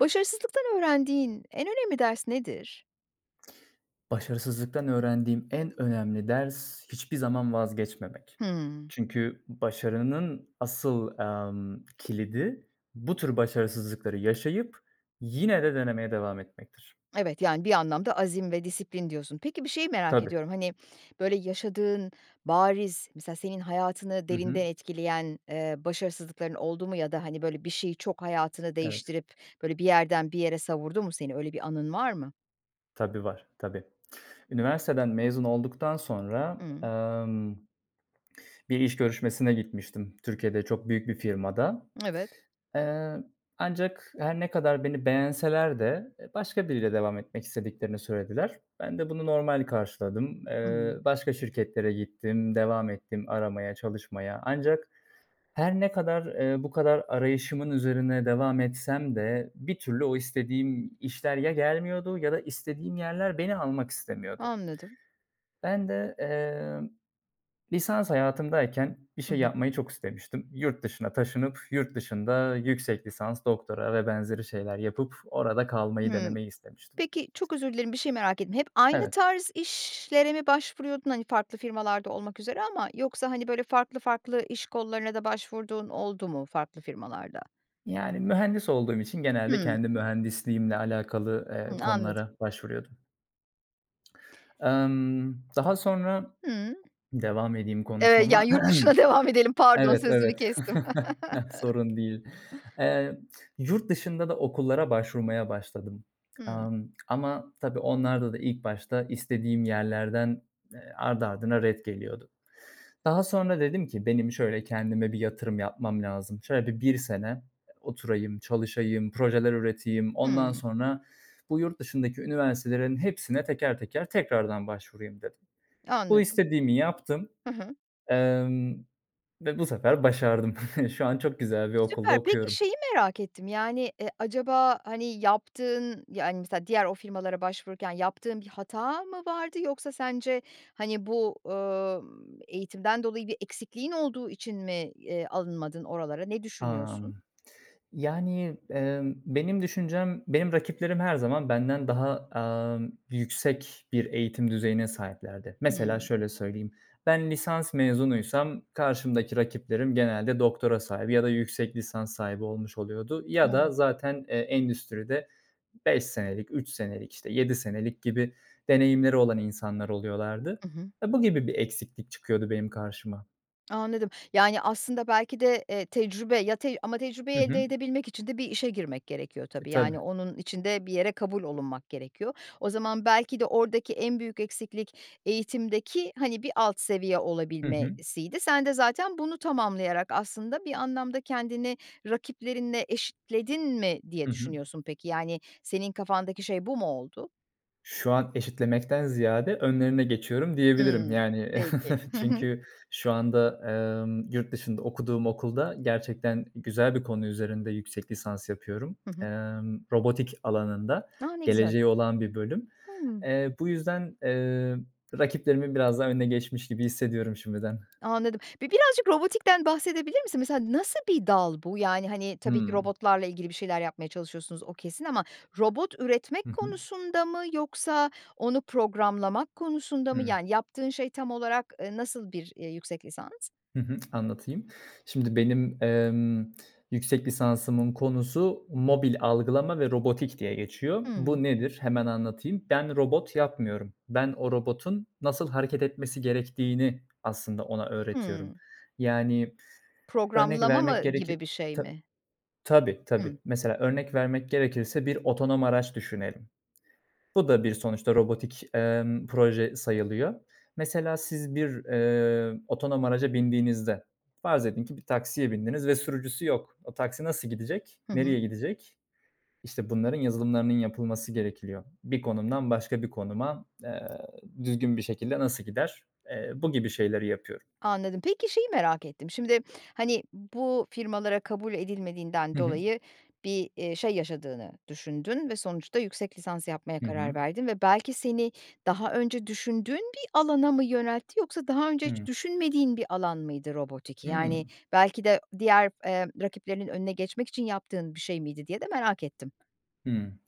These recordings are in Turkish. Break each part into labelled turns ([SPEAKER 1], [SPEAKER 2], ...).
[SPEAKER 1] Başarısızlıktan öğrendiğin en önemli ders nedir?
[SPEAKER 2] Başarısızlıktan öğrendiğim en önemli ders, hiçbir zaman vazgeçmemek.
[SPEAKER 1] Hımm.
[SPEAKER 2] Çünkü başarının asıl, amm, kilidi bu tür başarısızlıkları yaşayıp yine de denemeye devam etmektir.
[SPEAKER 1] Evet, yani, bir anlamda "azim ve disiplin" diyorsun. Peki bir şeyi merak
[SPEAKER 2] Tabii.
[SPEAKER 1] ediyorum, hani, böyle, yaşadığın bariz, mesela senin hayatını
[SPEAKER 2] Hı hı.
[SPEAKER 1] derinden etkileyen, eee, başarısızlıkların oldu mu? Ya da, hani, böyle, bir şeyi çok hayatını
[SPEAKER 2] Evet.
[SPEAKER 1] değiştirip, böyle, bir yerden bir yere savurdu mu seni, öyle bir anın var mı?
[SPEAKER 2] Tabii, var. Tabii. Üniversiteden mezun olduktan sonra,
[SPEAKER 1] Hımm.
[SPEAKER 2] emm, bir iş görüşmesine gitmiştim Türkiye'de, çok büyük bir firmada.
[SPEAKER 1] Evet.
[SPEAKER 2] Eee, ancak her ne kadar beni beğenseler de e başka biriyle devam etmek istediklerini söylediler. Ben de bunu normal karşıladım. Eee,
[SPEAKER 1] [unintelligible]
[SPEAKER 2] başka şirketlere gittim, devam ettim aramaya, çalışmaya ancak her ne kadar, eee, bu kadar arayışımın üzerine devam etsem de bir türlü o istediğim işler ya gelmiyordu ya da istediğim yerler beni almak istemiyordu.
[SPEAKER 1] Anladım.
[SPEAKER 2] Ben de, emm, lisans hayatımdayken bir
[SPEAKER 1] I
[SPEAKER 2] şey
[SPEAKER 1] hı.
[SPEAKER 2] yapmayı çok istemiştim. Yurt dışına taşınıp, yurt dışında yüksek lisans, doktora vb. şeyler yapıp orada kalmayı
[SPEAKER 1] Hımm.
[SPEAKER 2] denemeyi istemiştim.
[SPEAKER 1] Peki çok özür dilerim, bir şeyi merak ettim, hep aynı
[SPEAKER 2] Evet.
[SPEAKER 1] tarz işlere mi başvuruyordun, hani, farklı firmalarda olmak üzere ama yoksa, hani, böyle, farklı farklı iş kollarına da başvurduğun oldu mu farklı firmalarda?
[SPEAKER 2] Yani, mühendis olduğum için genelde
[SPEAKER 1] Hımm.
[SPEAKER 2] kendi mühendisliğimle alakalı, eee,
[SPEAKER 1] Hımm anladım.
[SPEAKER 2] konulara başvuruyordum. Emm, daha sonra
[SPEAKER 1] Hımm.
[SPEAKER 2] Devam edeyim
[SPEAKER 1] Evet, ya,
[SPEAKER 2] konuşmama.
[SPEAKER 1] yurt dışına devam edelim. Pardon
[SPEAKER 2] Evet,
[SPEAKER 1] sözünü
[SPEAKER 2] evet.
[SPEAKER 1] kestim.
[SPEAKER 2] Sorun değil. Eee, yurt dışında da okullara başvurmaya başladım,
[SPEAKER 1] Hımm.
[SPEAKER 2] amm, ama tabii onlarda da ilk başta istediğim yerlerden, eee, ardı ardına ret geliyordu. Daha sonra dedim ki, "Benim şöyle kendime bir yatırım yapmam lazım. Şöyle bir 1 sene oturayım, çalışayım, projeler üreteyim. Ondan
[SPEAKER 1] Hımm.
[SPEAKER 2] sonra bu yurt dışındaki üniversitelerin hepsine teker teker tekrardan başvurayım." dedim. Bu
[SPEAKER 1] Anladım.
[SPEAKER 2] istediğimi yaptım,
[SPEAKER 1] Hı hı.
[SPEAKER 2] emm, ve bu sefer başardım. Şu an çok güzel bir okulda
[SPEAKER 1] Süper! Peki
[SPEAKER 2] okuyorum.
[SPEAKER 1] şeyi merak ettim, yani, eee, acaba, hani, yaptığın, yani, mesela diğer o firmalara başvururken yaptığın bir hata mı vardı yoksa sence, hani, bu, ööö, ımm, eğitimden dolayı bir eksikliğin olduğu için mi, y eee, alınmadın oralara? Ne düşünüyorsun?
[SPEAKER 2] Amm. Yani, emm, benim düşüncem Benim rakiplerim her zaman benden daha, amm, yüksek bir eğitim düzeyine sahiplerdi. Mesela
[SPEAKER 1] Hımm.
[SPEAKER 2] şöyle söyleyeyim, ben lisans mezunuysam karşımdaki rakiplerim genelde doktora sahibi ya da yüksek lisans sahibi olmuş oluyordu. Ya da
[SPEAKER 1] Evet.
[SPEAKER 2] zaten, eee, endüstride 5 senelik, 3 senelik, işte, 7 senelik gibi deneyimleri olan insanlar oluyorlardı.
[SPEAKER 1] I hı.
[SPEAKER 2] E, bu gibi bir eksiklik çıkıyordu benim karşıma.
[SPEAKER 1] Anladım, yani, aslında belki de, eee, tecrübe, ya, tec ama tecrübeyi
[SPEAKER 2] Hı
[SPEAKER 1] elde
[SPEAKER 2] hı.
[SPEAKER 1] edebilmek için de bir işe girmek gerekiyor
[SPEAKER 2] E,
[SPEAKER 1] tabii.
[SPEAKER 2] tabii.
[SPEAKER 1] Yani, onun için de bir yere kabul olunmak gerekiyor. O zaman belki de oradaki en büyük eksiklik eğitimdeki, hani, bir alt seviye
[SPEAKER 2] Hı hı.
[SPEAKER 1] olabilmesiydi. Sen de zaten bunu tamamlayarak aslında bir anlamda kendini rakiplerinle eşitledin mi diye
[SPEAKER 2] Hı hı.
[SPEAKER 1] düşünüyorsun peki, yani, senin kafandaki şey bu mu oldu?
[SPEAKER 2] Şu an eşitlemekten ziyade önlerine geçiyorum diyebilirim,
[SPEAKER 1] Hımm.
[SPEAKER 2] yani.
[SPEAKER 1] Peki, hı hı.
[SPEAKER 2] Çünkü şu anda, emm, yurt dışında okuduğum okulda gerçekten güzel bir konu üzerinde yüksek lisans yapıyorum.
[SPEAKER 1] Hı hı.
[SPEAKER 2] Emm, robotik alanında
[SPEAKER 1] A, ne güzel.
[SPEAKER 2] geleceği olan bir bölüm.
[SPEAKER 1] Hımm.
[SPEAKER 2] Eee, bu yüzden, eee, rakiplerimin biraz daha önüne geçmiş gibi hissediyorum şimdiden.
[SPEAKER 1] Anladım. Bi birazcık robotikten bahsedebilir misin? Mesela nasıl bir dal bu? Yani, hani, tabii ki
[SPEAKER 2] Hımm.
[SPEAKER 1] robotlarla ilgili bir şeyler yapmaya çalışıyorsunuz, o kesin ama robot
[SPEAKER 2] Hı
[SPEAKER 1] üretmek
[SPEAKER 2] hı.
[SPEAKER 1] konusunda mı yoksa onu programlamak konusunda mı?
[SPEAKER 2] Hımm.
[SPEAKER 1] Yani, yaptığın şey tam olarak, eee, nasıl bir, eee, yüksek lisans?
[SPEAKER 2] Hı hı. Anlatayım. Şimdi benim, emm, yüksek lisansımın konusu mobil algılama ve robotik diye geçiyor.
[SPEAKER 1] Hımm.
[SPEAKER 2] Bu nedir hemen anlatayım. Ben robot yapmıyorum. Ben o robotun nasıl hareket etmesi gerektiğini aslında ona öğretiyorum.
[SPEAKER 1] Hımm.
[SPEAKER 2] Yani, örnek
[SPEAKER 1] Programlama
[SPEAKER 2] vermek
[SPEAKER 1] mı
[SPEAKER 2] gerekir
[SPEAKER 1] gibi bir şey
[SPEAKER 2] Tab
[SPEAKER 1] mi?
[SPEAKER 2] Tabii, tabii.
[SPEAKER 1] Hımm.
[SPEAKER 2] Mesela, örnek vermek gerekirse bir otonom araç düşünelim. Bu da bir sonuçta robotik, emm, proje sayılıyor. Mesela siz bir, eee, otonom araca bindiğinizde farz edin ki bir taksiye bindiniz ve sürücüsü yok. O taksi nasıl gidecek,
[SPEAKER 1] Hı hı.
[SPEAKER 2] nereye gidecek? İşte bunların yazılımlarının yapılması gerekiliyor. Bir konumdan başka bir konuma, eee, düzgün bir şekilde nasıl gider? Eee, bu gibi şeyleri yapıyorum.
[SPEAKER 1] Anladım, peki şeyi merak ettim: Şimdi, hani, bu firmalara kabul edilmediğinden
[SPEAKER 2] Hı hı.
[SPEAKER 1] dolayı bir, eee, şey, yaşadığını düşündün ve sonuçta yüksek lisans yapmaya
[SPEAKER 2] Hı
[SPEAKER 1] karar
[SPEAKER 2] hı.
[SPEAKER 1] verdin ve belki seni daha önce düşündüğün bir alana mı yöneltti yoksa daha önce hiç
[SPEAKER 2] Hıı.
[SPEAKER 1] düşünmediğin bir alan mıydı robotik? Yani,
[SPEAKER 2] Hımm.
[SPEAKER 1] belki de diğer, emm, rakiplerinin önüne geçmek için yaptığın bir şey miydi diye de merak ettim.
[SPEAKER 2] Hımm.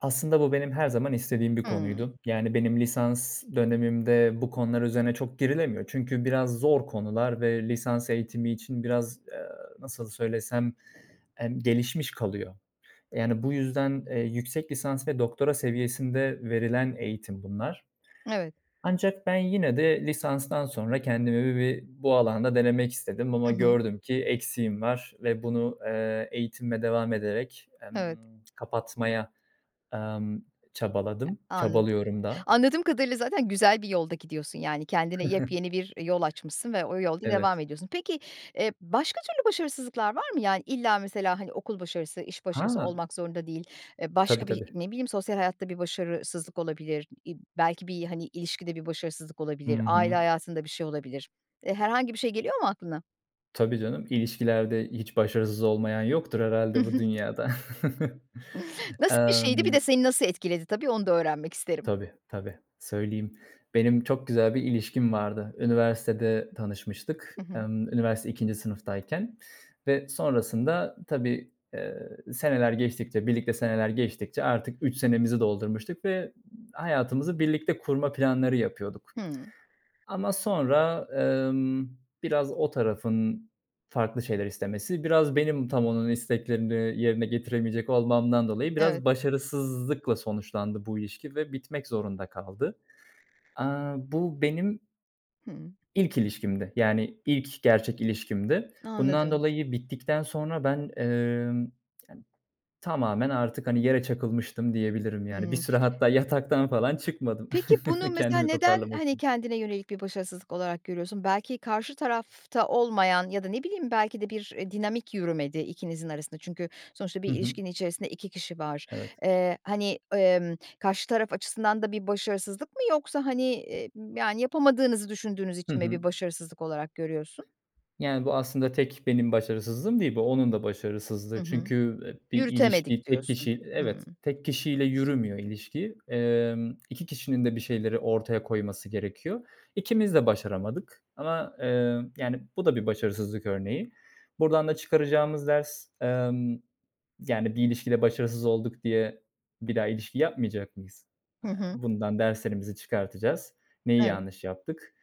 [SPEAKER 2] Aslında bu benim her zaman istediğim bir
[SPEAKER 1] Hımm.
[SPEAKER 2] konuydu. Yani benim lisans dönemimde bu konular üzerine çok girilemiyor. Çünkü biraz zor konular ve lisans eğitimi için biraz, eee, nasıl söylesem, emm, gelişmiş kalıyor. Yani, bu yüzden, eee, yüksek lisans ve doktora seviyesinde verilen eğitim bunlar.
[SPEAKER 1] Evet.
[SPEAKER 2] Ancak ben yine de lisanstan sonra kendimi bir bu alanda denemek istedim ama
[SPEAKER 1] Hı hı.
[SPEAKER 2] gördüm ki eksiğim var ve bunu, eee, eğitimime devam ederek, emm,
[SPEAKER 1] Evet.
[SPEAKER 2] kapatmaya, emm, çabaladım.
[SPEAKER 1] Anladım.
[SPEAKER 2] Çabalıyorum da.
[SPEAKER 1] Anladığım kadarıyla zaten güzel bir yolda gidiyorsun. Yani kendine yepyeni bir, eee, yol açmışsın ve o yolda devam
[SPEAKER 2] Evet.
[SPEAKER 1] ediyorsun. Peki, eee, başka türlü başarısızlıklar var mı? Yani, illa mesela, hani, okul başarısı, iş başarısı
[SPEAKER 2] Ha!
[SPEAKER 1] olmak zorunda değil, e,
[SPEAKER 2] Tabii,
[SPEAKER 1] başka bir
[SPEAKER 2] tabii.
[SPEAKER 1] ne bileyim sosyal hayatta bir başarısızlık olabilir, i belki bir, hani, ilişkide bir başarısızlık
[SPEAKER 2] Hı
[SPEAKER 1] olabilir. Aile
[SPEAKER 2] hı.
[SPEAKER 1] hayatında bir şey olabilir. E, herhangi bir şey geliyor mu aklına?
[SPEAKER 2] Tabii, canım. İlişkilerde hiç başarısız olmayan yoktur
[SPEAKER 1] Hı
[SPEAKER 2] herhâlde bu
[SPEAKER 1] hı.
[SPEAKER 2] dünyada.
[SPEAKER 1] Nasıl bir şeydi? Bir de
[SPEAKER 2] Emm
[SPEAKER 1] seni nasıl etkiledi tabii, onu da öğrenmek isterim.
[SPEAKER 2] Tabii, tabii, söyleyeyim. Benim çok güzel bir ilişkim vardı. Üniversitede tanışmıştık.
[SPEAKER 1] Hı hı.
[SPEAKER 2] Emm, üniversite 2'nci sınıftayken ve sonrasında tabii, ııı, seneler geçtikçe birlikte seneler geçtikçe artık 3 senemizi doldurmuştuk ve hayatımızı birlikte kurma planları yapıyorduk.
[SPEAKER 1] Hımm.
[SPEAKER 2] Ama sonra, emm, biraz o tarafın farklı şeyler istemesi. Biraz benim tam onun isteklerini yerine getiremeyecek olmamdan dolayı
[SPEAKER 1] Evet.
[SPEAKER 2] biraz başarısızlıkla sonuçlandı bu ilişki ve bitmek zorunda kaldı. Aaa, bu benim
[SPEAKER 1] Hımm.
[SPEAKER 2] ilk ilişkimdi. Yani, ilk gerçek ilişkimdi. Bundan
[SPEAKER 1] Anladım.
[SPEAKER 2] dolayı bittikten sonra ben, emm, tamamen artık, hani, yere çakılmıştım diyebilirim, yani. Bir
[SPEAKER 1] Hımm.
[SPEAKER 2] süre hatta yataktan falan çıkmadım
[SPEAKER 1] Peki bunu mesela
[SPEAKER 2] kendimi
[SPEAKER 1] neden,
[SPEAKER 2] toparlamak
[SPEAKER 1] hani,
[SPEAKER 2] için.
[SPEAKER 1] kendine yönelik bir başarısızlık olarak görüyorsun? Belki karşı tarafta olmayan ya da ne bileyim belki de bir, eee, dinamik yürümedi ikinizin arasında çünkü sonuçta
[SPEAKER 2] Hı
[SPEAKER 1] bir
[SPEAKER 2] hı.
[SPEAKER 1] ilişkinin içerisinde 2 kişi var.
[SPEAKER 2] Evet.
[SPEAKER 1] Eee, hani, emm, karşı taraf açısından da bir başarısızlık mı? Yoksa, hani, emm, yani, yapamadığınızı düşündüğünüz
[SPEAKER 2] Hı
[SPEAKER 1] için mi
[SPEAKER 2] hı.
[SPEAKER 1] bir başarısızlık olarak görüyorsun?
[SPEAKER 2] Yani, bu aslında tek benim başarısızlığım değil. Bu onun da
[SPEAKER 1] Hı
[SPEAKER 2] başarısızlığı
[SPEAKER 1] hı.
[SPEAKER 2] çünkü [unintelligible] bir
[SPEAKER 1] Yürütemedik
[SPEAKER 2] ilişkiyi tek
[SPEAKER 1] diyorsun.
[SPEAKER 2] kişi
[SPEAKER 1] Hımm.
[SPEAKER 2] Evet, tek kişiyle yürümüyor ilişki. Emm, 2 kişinin de bir şeyleri ortaya koyması gerekiyor. İkimiz de başaramadık. Ama, eee, yani, bu da bir başarısızlık örneği. Buradan da çıkaracağımız ders, emm, yani bir ilişkide başarısız olduk diye bir daha ilişki yapmayacak mıyız?
[SPEAKER 1] Hı
[SPEAKER 2] Aaa,
[SPEAKER 1] hı.
[SPEAKER 2] bundan derslerimizi çıkartacağız. Neyi
[SPEAKER 1] Evet.
[SPEAKER 2] yanlış yaptık.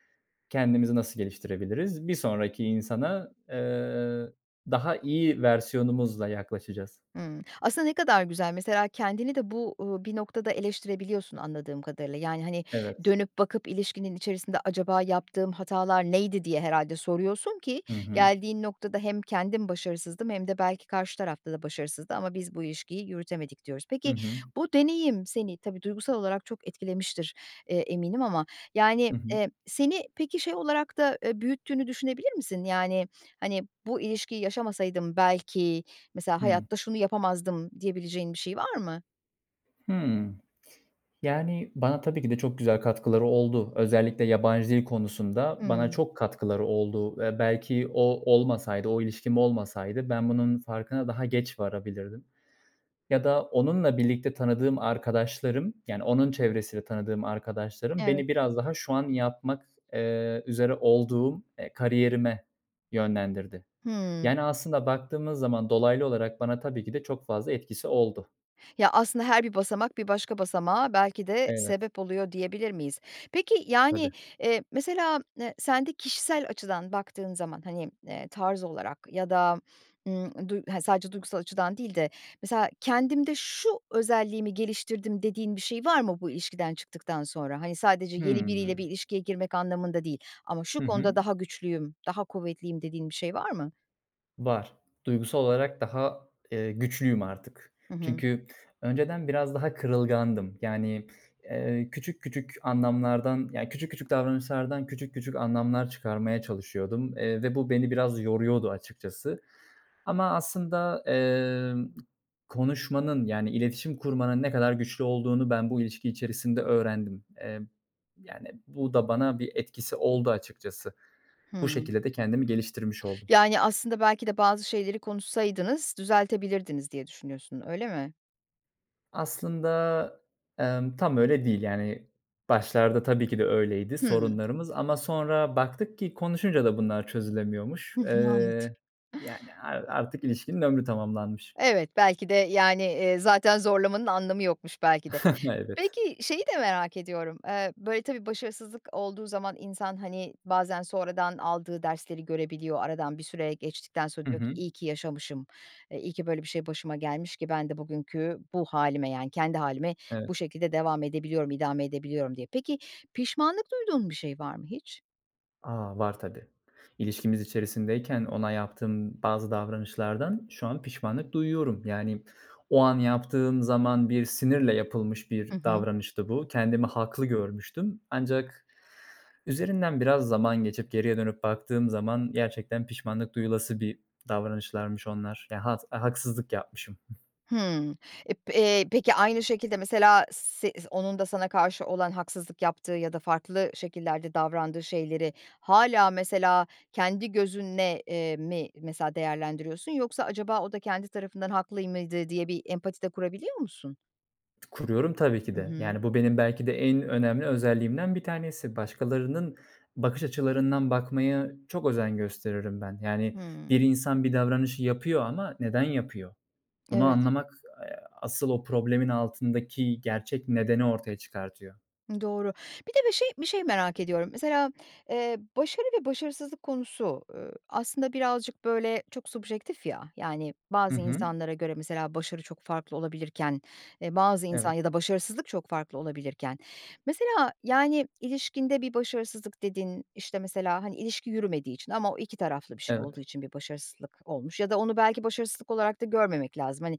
[SPEAKER 2] Kendimizi nasıl geliştirebiliriz. Bir sonraki insana, eee, daha iyi versiyonumuzla yaklaşacağız.
[SPEAKER 1] Hımm. Aslında ne kadar güzel. Mesela kendini de bu, uuu, bir noktada eleştirebiliyorsun anladığım kadarıyla. Yani, hani,
[SPEAKER 2] Evet.
[SPEAKER 1] dönüp bakıp ilişkinin içerisinde, "Acaba yaptığım hatalar neydi?" diye herhâlde soruyorsun ki
[SPEAKER 2] Hı hı.
[SPEAKER 1] geldiğin noktada hem kendim başarısızdım hem de belki karşı tarafta da başarısızdı ama biz bu ilişkiyi yürütemedik diyoruz.
[SPEAKER 2] Hı
[SPEAKER 1] Peki
[SPEAKER 2] hı.
[SPEAKER 1] bu deneyim seni tabii, duygusal olarak çok etkilemiştir, eee, eminim. Ama, yani,
[SPEAKER 2] Hı hı.
[SPEAKER 1] eee, seni peki şey olarak da, eee, büyüttüğünü düşünebilir misin? Yani, hani, bu ilişkiyi yaşamasaydım belki mesela
[SPEAKER 2] Hıı.
[SPEAKER 1] hayatta şunu yapamazdım diyebileceğin bir şey var mı?
[SPEAKER 2] Hımm. Yani, bana tabii ki de çok güzel katkıları oldu. Özellikle yabancı dil konusunda bana
[SPEAKER 1] Hımm.
[SPEAKER 2] çok katkıları oldu ve belki o olmasaydı. O ilişkim olmasaydı. Ben bunun farkına daha geç varabilirdim ya da onunla birlikte tanıdığım arkadaşlarım. Yani onun çevresinde tanıdığım arkadaşlarım
[SPEAKER 1] Evet.
[SPEAKER 2] beni biraz daha şu an yapmak, eee, üzere olduğum, eee, kariyerime yönlendirdi.
[SPEAKER 1] Hımm.
[SPEAKER 2] Yani, aslında baktığımız zaman dolaylı olarak bana tabii ki de çok fazla etkisi oldu.
[SPEAKER 1] Ya, aslında her bir basamak, bir başka basamağa belki de
[SPEAKER 2] Evet.
[SPEAKER 1] sebep oluyor, diyebilir miyiz? Peki, yani,
[SPEAKER 2] Tabii.
[SPEAKER 1] eee, mesela, eee, sen de kişisel açıdan baktığın zaman. Hani, eee, tarz olarak ya da, ımm, du he sadece duygusal açıdan değil de mesela kendimde şu özelliğimi geliştirdim dediğin bir şey var mı bu ilişkiden çıktıktan sonra? Hani, sadece yeni biriyle bir
[SPEAKER 2] Hımm.
[SPEAKER 1] ilişkiye girmek anlamında değil ama şu
[SPEAKER 2] Hı hı.
[SPEAKER 1] konuda daha güçlüyüm, daha kuvvetliyim, dediğin bir şey var mı?
[SPEAKER 2] Var. Duygusal olarak daha, eee, güçlüyüm artık.
[SPEAKER 1] Hı hı.
[SPEAKER 2] Çünkü önceden biraz daha kırılgandım. Yani, eee, küçük küçük anlamlardan ya, küçük küçük davranışlardan küçük küçük anlamlar çıkarmaya çalışıyordum. Eee, ve bu beni biraz yoruyordu açıkçası. Ama aslında, emm, konuşmanın, yani iletişim kurmanın ne kadar güçlü olduğunu ben bu ilişki içerisinde öğrendim. Eee, yani, bu da bana bir etkisi oldu açıkçası. Bu
[SPEAKER 1] Hımm.
[SPEAKER 2] şekilde de kendimi geliştirmiş oldum.
[SPEAKER 1] Yani, aslında belki de bazı şeyleri konuşsaydınız düzeltebilirdiniz diye düşünüyorsun. Öyle mi?
[SPEAKER 2] Aslında, emm, tam öyle değil. Yani, başlarda tabii ki de öyleydi
[SPEAKER 1] Hıı.
[SPEAKER 2] sorunlarımız ama sonra baktık ki konuşunca da bunlar çözülemiyormuş.
[SPEAKER 1] Hı hı. Anladım
[SPEAKER 2] Eee, yani, ar artık ilişkinin ömrü tamamlanmış.
[SPEAKER 1] Evet, belki de, yani, eee, zaten zorlamanın anlamı yokmuş belki de.
[SPEAKER 2] Evet.
[SPEAKER 1] Peki şeyi de merak ediyorum, eee, böyle, tabii, başarısızlık olduğu zaman insan, hani, bazen sonradan aldığı dersleri görebiliyor, aradan bir süre geçtikten sonra
[SPEAKER 2] Hı
[SPEAKER 1] diyor ki
[SPEAKER 2] hı.
[SPEAKER 1] iyi yaşamışım, eee, iyi ki böyle bir şey başıma gelmiş ki ben de bugünkü bu hâlime, yani, kendi hâlime bu
[SPEAKER 2] Evet.
[SPEAKER 1] şekilde devam edebiliyorum, idame edebiliyorum diye. Peki pişmanlık duyduğun bir şey var mı hiç?
[SPEAKER 2] A, var tabii. İlişkimiz içerisindeyken ona yaptığım bazı davranışlardan şu an pişmanlık duyuyorum. Yani, o an yaptığım zaman bir sinirle yapılmış
[SPEAKER 1] Hı
[SPEAKER 2] bir
[SPEAKER 1] hı.
[SPEAKER 2] davranıştı bu. Kendimi haklı görmüştüm ancak üzerinden biraz zaman geçip geriye dönüp baktığım zaman gerçekten pişmanlık duyulası bir davranışlarmış onlar. Ya had a haksızlık yapmışım.
[SPEAKER 1] Hımm. E, p eee, peki, aynı şekilde mesela s zi onun da sana karşı olan haksızlık yaptığı ya da farklı şekillerde davrandığı şeyleri hâlâ mesela kendi gözünle eee, mi mesela değerlendiriyorsun, yoksa acaba o da kendi tarafından haklı y mıydı diye bir empati de kurabiliyor musun?
[SPEAKER 2] Kuruyorum tabii ki
[SPEAKER 1] Hı
[SPEAKER 2] de.
[SPEAKER 1] hı.
[SPEAKER 2] Yani, bu benim belki de en önemli özelliğimden 1 tanesi. Başkalarının bakış açılarından bakmaya çok özen gösteririm ben. Yani,
[SPEAKER 1] Hımm.
[SPEAKER 2] bir insan bir davranışı yapıyor ama neden yapıyor? Bunu
[SPEAKER 1] Evet.
[SPEAKER 2] anlamak, eee, asıl o problemin altındaki gerçek nedeni ortaya çıkartıyor.
[SPEAKER 1] Doğru. Bir de bir şey bir şey merak ediyorum. Mesela, eee, başarı ve başarısızlık konusu, ııı, aslında birazcık böyle çok subjektif, ya. Yani,
[SPEAKER 2] Hı
[SPEAKER 1] bazı
[SPEAKER 2] hı.
[SPEAKER 1] insanlara göre mesela başarı çok farklı olabilirken, eee, bazı insan
[SPEAKER 2] Evet.
[SPEAKER 1] ya da başarısızlık çok farklı olabilirken... Mesela, yani, ilişkinde bir başarısızlık dediğin, işte mesela, hani, ilişki yürümediği için ama o 2 taraflı bir şey olduğu
[SPEAKER 2] Evet.
[SPEAKER 1] için bir başarısızlık olmuş ya da onu belki başarısızlık olarak da görmemek lazım. Hani,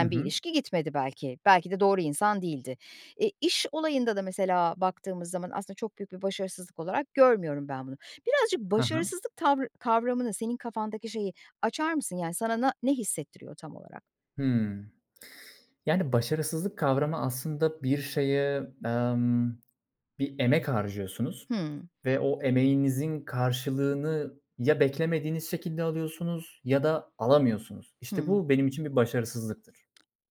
[SPEAKER 2] Hı
[SPEAKER 1] bir
[SPEAKER 2] hı.
[SPEAKER 1] ilişki gitmedi belki, belki de doğru insan değildi. E, iş olayında da mesela baktığımız zaman aslında çok büyük bir başarısızlık olarak görmüyorum ben bunu. Birazcık
[SPEAKER 2] Ha ha.
[SPEAKER 1] başarısızlık tavrı kavramını senin kafandaki şeyi açar mısın, yani, sana na ne hissettiriyor tam olarak?
[SPEAKER 2] Hımm. Yani "başarısızlık" kavramı aslında bir şeye, emm, bir emek harcıyorsunuz
[SPEAKER 1] Hımm.
[SPEAKER 2] ve o emeğinizin karşılığını ya beklemediğiniz şekilde alıyorsunuz ya da alamıyorsunuz. İşte
[SPEAKER 1] Hımm.
[SPEAKER 2] bu benim için bir başarısızlıktır.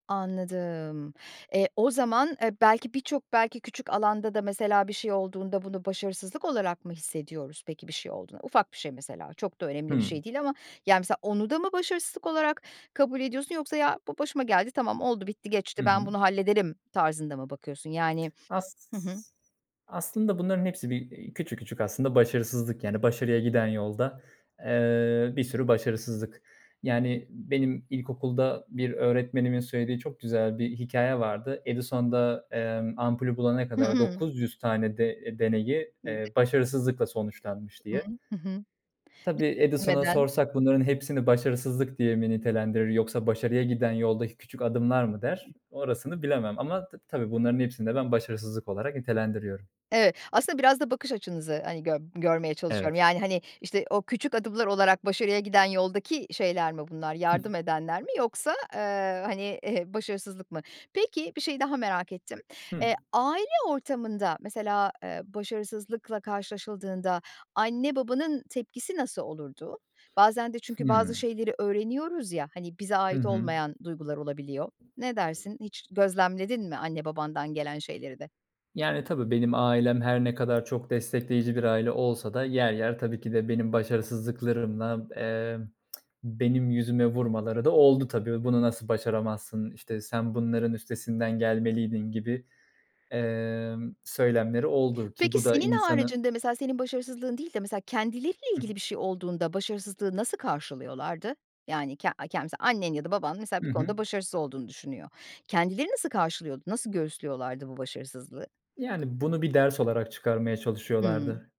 [SPEAKER 1] Anladım. E, o zaman, e, belki birçok belki küçük alanda da mesela bir şey olduğunda bunu başarısızlık olarak mı hissediyoruz peki bir şey olduğunda? Ufak bir şey mesela, çok da önemli bir şey
[SPEAKER 2] Hımm.
[SPEAKER 1] değil ama, yani, misal onu da mı başarısızlık olarak kabul ediyorsun yoksa “ya bu başıma geldi, tamam oldu bitti
[SPEAKER 2] Hı
[SPEAKER 1] geçti, ben
[SPEAKER 2] hı.
[SPEAKER 1] bunu hallederim“ tarzında mı bakıyorsun? Yani,
[SPEAKER 2] as
[SPEAKER 1] hı hı.
[SPEAKER 2] aslında bunların hepsi bir, iii, küçük küçük aslında başarısızlık. Yani, başarıya giden yolda, eee, bir sürü başarısızlık. Yani, benim ilkokulda bir öğretmenimin söylediği çok güzel bir hikâye vardı. Edison da, emm, ampulü bulana
[SPEAKER 1] Hı
[SPEAKER 2] kadar
[SPEAKER 1] hı.
[SPEAKER 2] 900 tane de e, deneyi,
[SPEAKER 1] [unintelligible]
[SPEAKER 2] eee, başarısızlıkla sonuçlanmış
[SPEAKER 1] Hı
[SPEAKER 2] diye.
[SPEAKER 1] hı, hı hı.
[SPEAKER 2] Tabii, Edison'a
[SPEAKER 1] [unintelligible]
[SPEAKER 2] sorsak bunların hepsini başarısızlık diye mi nitelendirir yoksa başarıya giden yoldaki küçük adımlar mı der. Orasını bilemem ama ta tabii bunların hepsini de ben başarısızlık olarak nitelendiriyorum.
[SPEAKER 1] Evet. Aslında biraz da bakış açınızı, hani, gör görmeye çalışıyorum.
[SPEAKER 2] Evet.
[SPEAKER 1] Yani, hani, işte, o küçük adımlar olarak başarıya giden yoldaki şeyler mi bunlar? Yardım edenler mi yoksa, eee, hani, ehe, başarısızlık mı? Peki bir şeyi daha merak ettim.
[SPEAKER 2] Hıı.
[SPEAKER 1] E, aile ortamında mesela, eee, başarısızlıkla karşılaşıldığında anne, babanın tepkisi nasıl olurdu? Bazen de çünkü bazı
[SPEAKER 2] Hımm.
[SPEAKER 1] şeyleri öğreniyoruz, ya, hani, bize
[SPEAKER 2] Hı
[SPEAKER 1] ait
[SPEAKER 2] hı.
[SPEAKER 1] olmayan duygular olabiliyor. Ne dersin hiç gözlemledin mi anne, babandan gelen şeyleri de?
[SPEAKER 2] Yani, tabii, benim ailem her ne kadar çok destekleyici bir aile olsa da yer yer, tabii ki de benim başarısızlıklarımla, emm, benim yüzüme vurmaları da oldu tabii. "Bunu nasıl başaramazsın? İşte, sen bunların üstesinden gelmeliydin." gibi, emm, söylemleri oldu, ki
[SPEAKER 1] Peki,
[SPEAKER 2] bu da
[SPEAKER 1] senin
[SPEAKER 2] insanı
[SPEAKER 1] haricinde mesela senin başarısızlığın değil de mesela kendileriyle
[SPEAKER 2] Hıı.
[SPEAKER 1] ilgili bir şey olduğunda başarısızlığı nasıl karşılıyorlardı? Yani, ke a ken mesela annen ya da baban mesela bir
[SPEAKER 2] Hı hı.
[SPEAKER 1] konuda başarısız olduğunu düşünüyor. Kendileri nasıl karşılıyordu, nasıl göğüslüyorlardı bu başarısızlığı?
[SPEAKER 2] Yani bunu bir ders olarak çıkarmaya
[SPEAKER 1] Hımm.
[SPEAKER 2] çalışıyorlardı.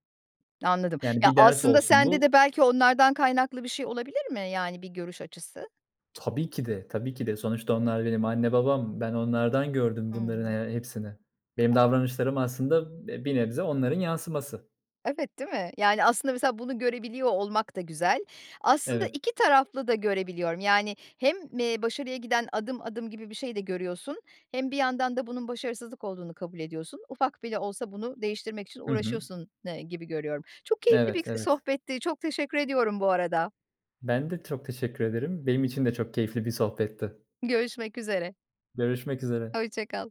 [SPEAKER 1] Anladım.
[SPEAKER 2] Yani
[SPEAKER 1] Ya,
[SPEAKER 2] bir ders
[SPEAKER 1] aslında
[SPEAKER 2] olsun
[SPEAKER 1] sende
[SPEAKER 2] bu
[SPEAKER 1] de belki onlardan kaynaklı bir şey olabilir mi, yani, bir görüş açısı?
[SPEAKER 2] Tabii ki de, tabii ki de. Sonuçta onlar benim anne, babam. Ben onlardan gördüm bunların
[SPEAKER 1] Hımm.
[SPEAKER 2] he hepsini. Benim davranışlarım aslında b bir nebze onların yansıması.
[SPEAKER 1] Evet, değil mi? Yani, aslında, mesela bunu görebiliyor olmak da güzel, aslında
[SPEAKER 2] Evet.
[SPEAKER 1] iki taraflı da görebiliyorum, yani, hem, eee, başarıya giden adım adım gibi bir şey de görüyorsun hem bir yandan da bunun başarısızlık olduğunu kabul ediyorsun. Ufak bile olsa bunu değiştirmek için
[SPEAKER 2] Hı hı.
[SPEAKER 1] uğraşıyorsun, eee, gibi görüyorum. Çok keyifli bir
[SPEAKER 2] Evet,
[SPEAKER 1] k
[SPEAKER 2] evet.
[SPEAKER 1] sohbetti, çok teşekkür ediyorum bu arada.
[SPEAKER 2] Ben de çok teşekkür ederim. Benim için de çok keyifli bir sohbetti.
[SPEAKER 1] Görüşmek üzere.
[SPEAKER 2] Görüşmek üzere.
[SPEAKER 1] Hoşça kal.